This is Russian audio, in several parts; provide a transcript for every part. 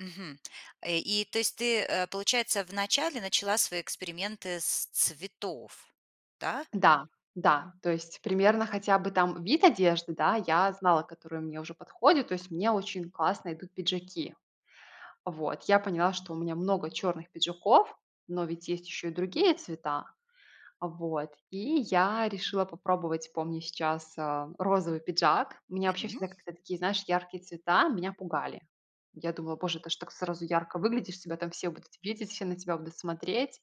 Мгм. Э, и то есть ты, э, получается, в начале начала свои эксперименты с цветов, да? Да, да. То есть примерно хотя бы там вид одежды, да, я знала, которая мне уже подходит. То есть мне очень классно идут пиджаки. Вот. Я поняла, что у меня много черных пиджаков, но ведь есть еще и другие цвета. А, вот. И я решила попробовать, помню сейчас, э, розовый пиджак. Меня вообще М! всегда как-то такие, знаешь, яркие цвета меня пугали. Я думала: "Боже, ты ж так сразу ярко выглядишь, тебя там все будут видеть, все на тебя будут смотреть".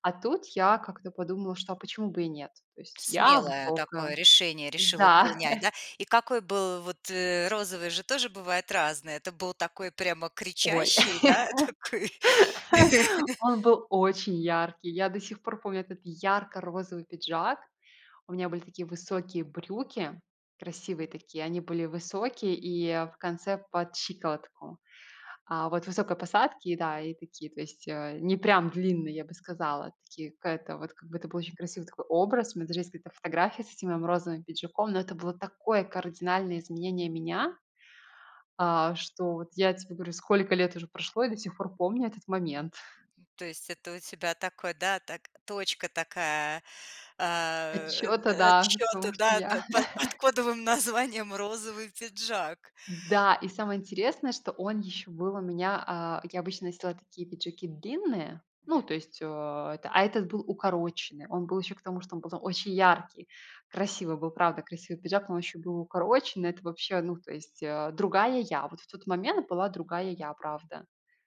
А тут я как-то подумала, что почему бы и нет? То есть я Смелое такое высокая. решение решила Да. принять, да? И какой был Вот, э, розовый же тоже бывает разный. Это был такой прямо Ой, кричащий, да, такой? он был очень яркий. Я до сих пор помню этот ярко-розовый пиджак. У меня были такие высокие брюки, красивые такие, они были высокие и в конце под щиколотку. А, вот высокой посадки, да, и такие, то есть, э, не прям длинные, я бы сказала, такие какая-то вот как бы это был очень красивый такой образ. У меня даже есть где-то фотография с этим моим розовым пиджаком, но это было такое кардинальное изменение меня, а, что вот я тебе говорю, сколько лет уже прошло и до сих пор помню этот момент. То есть это у тебя такой, да, так точка такая, а, Отсчета, э, да, отсчёта, потому что да, да, я под под кодовым названием "Розовый пиджак." Да, и самое интересное, что он еще был у меня а, я обычно носила такие пиджаки длинные, ну, Мгм. то есть, э, эта а этот был укороченный. Он был еще к тому, что он был очень яркий. Красивый был, правда, красивый пиджак, он еще был и укороченный. Это вообще, ну, то есть, э, другая я. Вот в тот момент это была другая я, правда.